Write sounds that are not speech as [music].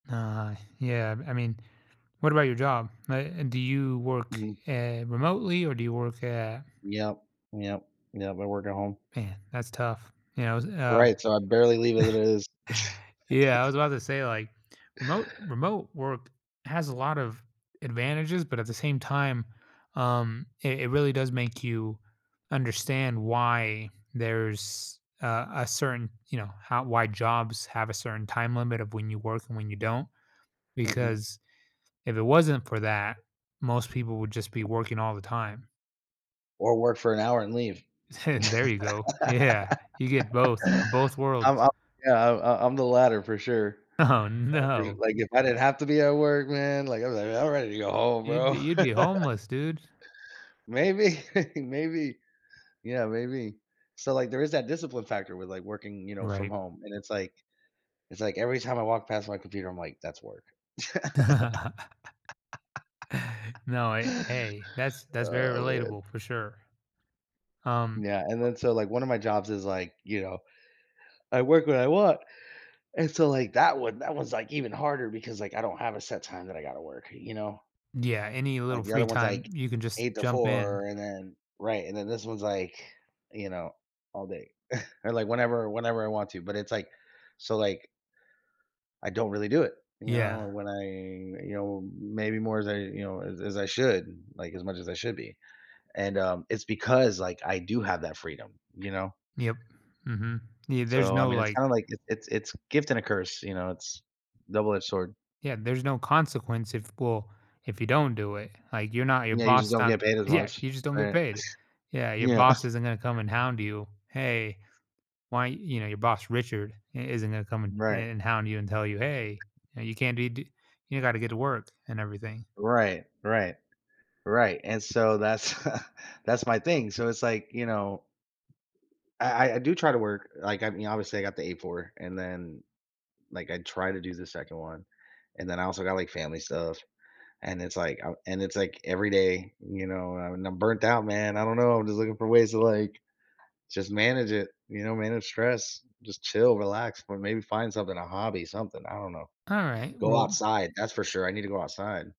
Nah, yeah, b I mean, what about your job, uh, and do you work, Mhm. eh, remotely or do you work at Yep, yep, yep, I work at home. Man, that's tough. Yeah, I was uh Right, so I barely leave as it is. [chuckles] yeah, I was about to say, [laughs] like, remote remote work has a lot of advantages, but, at the same time, um, it it really does make you understand why there's a a certain, you know, how why jobs have a certain time limit of when you work and when you don't, Mhm. because if it wasn't for that, most people would just be working all the time. Or work for an hour and leave. [chuckles] There you go. Yeah, you get [laughs] both of both I'm worlds. I'm yeah, I'm I I'm the latter for sure. [unintelligible] Oh, no. Like, if I didn't have to be at work, man, like, I'm like, "I'm ready to go home, You'd bro." be you'd be [laughs] homeless, dude. Maybe, [chuckles] maybe. Yeah, maybe. So, like, there is that discipline factor with, like, working, you know, from Right. home, and it's, like it's, like, every time I walk past my computer, I'm like, "That's work." [laughs] [laughs] No, hey hey, that's that's very Oh, man. relatable for sure. Um Yeah, and then so, like, 1 of my jobs is, like, you know, [yawns] I work when I want, and so, like, that one that one's, like, even harder because, like, I don't have a set time that I gotta work, you know? Yeah, any Like, little the other free one's, time, like, you can just eight to jump in. four and then right, and then this one's like, you know, all day [scoffs] or, like, whenever whenever I want to, but it's, like so like I don't really do it, you Yeah. know, when I you know, maybe more as I, you know, as as I should, like, as much as I should be, and, um, it's because, like, I do have that freedom, you know? Yep, mhm, yeah, there's So, I no, mean, it's like kinda, like, it's it's it's gift and a curse, you know? It's double-edged sword. Yeah, there's no consequence if well, if you don't do it, like, you're not your Yeah, you just boss don't don get paid as yeah, much, you just don't get right? paid. [scoffs] Yeah, your Yeah. boss isn't gonna come and hound you, "Hey, why" you know, your boss, Richard, i isn't gonna come and Right. and and hound you and tell you, "Hey," you know, "you can't be do you gotta get to work," and everything. Right, right, right, and so that's [chuckles] that's my thing, so it's, like, you know, I I I do try to work like, I mean, obviously I got the 8-4 and then like, I try to do the 2nd one, and then I also got, like, family stuff and it's, like, I and it's, like, every day, you know, and, I'm burnt out man, I don't know, I'm just looking for ways to, like, just manage it, you know? Manage stress. Just chill, relax, or maybe find something, a hobby, something, I don't know. Alright, Go well outside, that's for sure, I need to go outside.